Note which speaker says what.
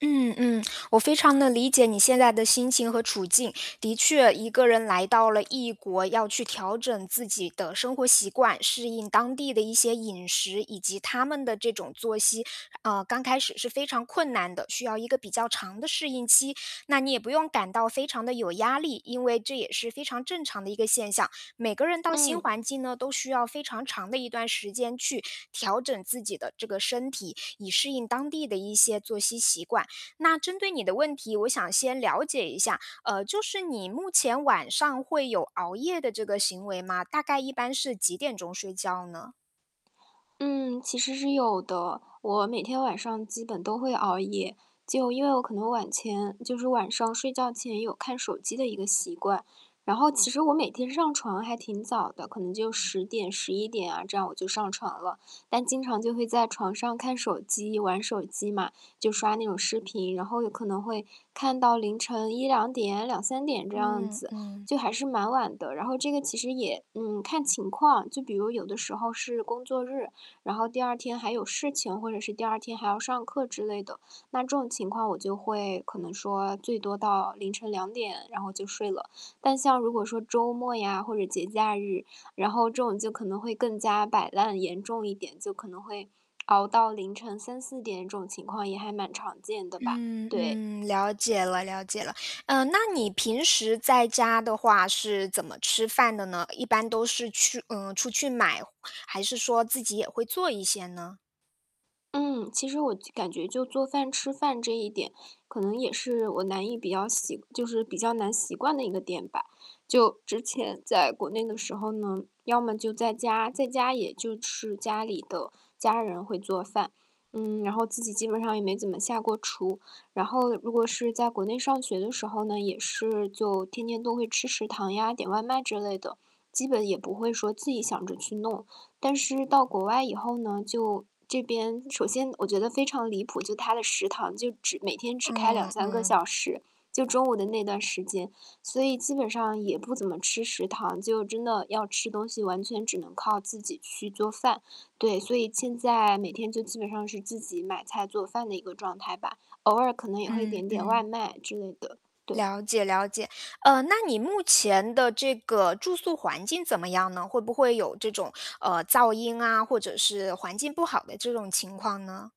Speaker 1: 嗯嗯，我非常地理解你现在的心情和处境。的确，一个人来到了异国，要去调整自己的生活习惯，适应当地的一些饮食，以及他们的这种作息，呃，刚开始是非常困难的，需要一个比较长的适应期，那你也不用感到非常地有压力。因为这也是非常正常的一个现象，每个人到新
Speaker 2: 嗯。
Speaker 1: 环境呢，都需要非常长的一段时间去调整自己的这个身体，以适应当地的一些作息习惯。那针对你的问题，我想先了解一下，呃，就是你目前晚上会有熬夜的这个行为吗？大概一般是几点钟睡觉呢？
Speaker 2: 嗯，其实是有的。我每天晚上基本都会熬夜。就因为我可能晚前就是晚上睡觉前有看手机的一个习惯，然后其实我每天上床还挺早的，可能就10点，11点啊，这样，我就上床了。但经常就会在床上看手机、玩手机嘛，就刷那种视频，然后有可能会看到凌晨1-2点，2-3点这样
Speaker 1: 嗯，
Speaker 2: 子，
Speaker 1: 嗯。
Speaker 2: 就还是蛮晚的。然后这个其实也，嗯，看情况，就比如有的时候是工作日，然后第2天还有事情或者是第2天还要上课之类的。那这种情况我就会可能说最多到凌晨2点，然后就睡了。但像如果说周末呀或者节假日，然后这种就可能会更加摆烂严重一点，就可能会熬到凌晨3-4点，这种情况也还蛮常见的吧，
Speaker 1: 嗯，
Speaker 2: 对。
Speaker 1: 嗯，了解了了解了。嗯，那你平时在家的话是怎么吃饭的呢？一般都是去嗯，出去买，还是说自己也会做一些呢？
Speaker 2: 嗯，其实我就感觉就做饭吃饭这一点，可能也是我难以比较醒就是比较难习惯的一个点吧。就之前在国内的时候呢，要么就在家，在家也就吃家里的，家人会做饭，嗯，然后自己基本上也没怎么下过厨。然后如果是在国内上学的时候呢，也是就天天都会吃食堂呀，点外卖之类的，基本也不会说，自己想着去弄。但是到国外以后呢，就这边首先我觉得非常离谱，就他的食堂就只每天只开两
Speaker 1: 嗯，
Speaker 2: 三个小
Speaker 1: 嗯。
Speaker 2: 时，就中午的那段时间。所以基本上也不怎么吃食堂，就真的要吃东西，完全只能靠自己去做饭。对，所以现在每天就基本上是自己买菜做饭的一个状态吧，偶尔可能也会
Speaker 1: 嗯，
Speaker 2: 点点外
Speaker 1: 嗯。
Speaker 2: 卖之类的。对。
Speaker 1: 了解了解。嗯，那你目前的这个住宿环境怎么样呢？会不会有这种，呃，噪音啊，或者是环境不好的这种情况呢？